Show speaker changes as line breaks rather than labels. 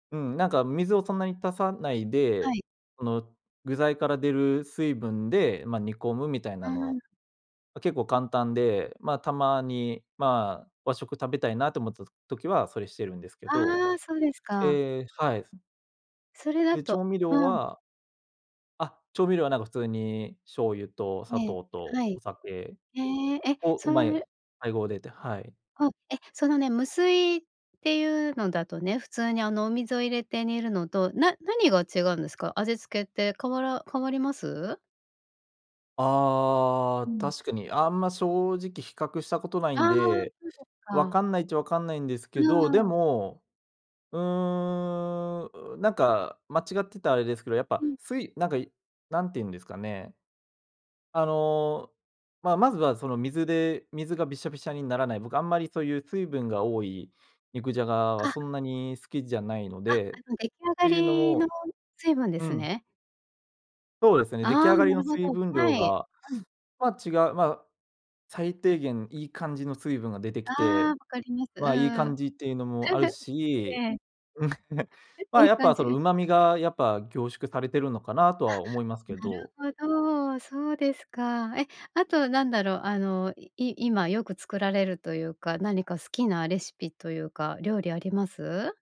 うん、なんか、水をそんなに足さない
は
で、
い。
その具材から出る水分で、ま、煮込むみたい
あ
な
ー
の、
ん。
ま、結構簡単で、ま、たまに、まあ、和食食べたいなと思ったと時はそれしてるんですけど、
ああ、そうですか。
ええ、はい。
それだ
で、調
と
味料
うん。
はあ、調味料は、なんか、普通に醤油と砂
ええ。
糖と
はい。
お酒
へえ。え、
を、うま
そ
い
う
配合でってはい。
お、え、そのね、無水っていうのだとね、普通に、あの、お水を入れて煮るのと、な何が違うんですか？味付けって変わら変わります？
あ
う
あ、
ん。
確かに。あんま正直比較したことない
あ
ん
あ、
で、
そう
分
か。
かんないっちゃ、分かんないんです
う
け
ん
ど、
う
で
んうん。
も、うーん、うなんか間違ってたらあれですけど、やっぱ、
うん。
すいなんか、何て言うんですかね。あの、まあ、まずはその水で水がびしゃびしゃにならない、僕あんまりそういう水分が多い肉じゃがは
あ。
そんなに好きじゃないの
あ、あ
でっ
の出来上が
ていうの
りの
も
水分で
う
す
ん。
ね。
そうですね、出来
ああ、
上が
な
り
る
の
ほ
水
ど。
分量
はい。
が、
うん。
まあ、違う、まあ、最低限、いい感じの水分が出て
あ
きて、
あ、わかります。う
まあ、いい感
ん。
じっていうのもある
え
し、
え。
うん。ま
い
あ、
い
やっ
感
ぱ、そ
じ。
の、
うん。
旨味が、やっぱ、凝縮されてるのかなと
あ、
は思いますけ
な
ど。
るほど。そうですか。え、あと、なんだろう、あの、い今よく作られるというか、何か好きなレシピというか、料理あります？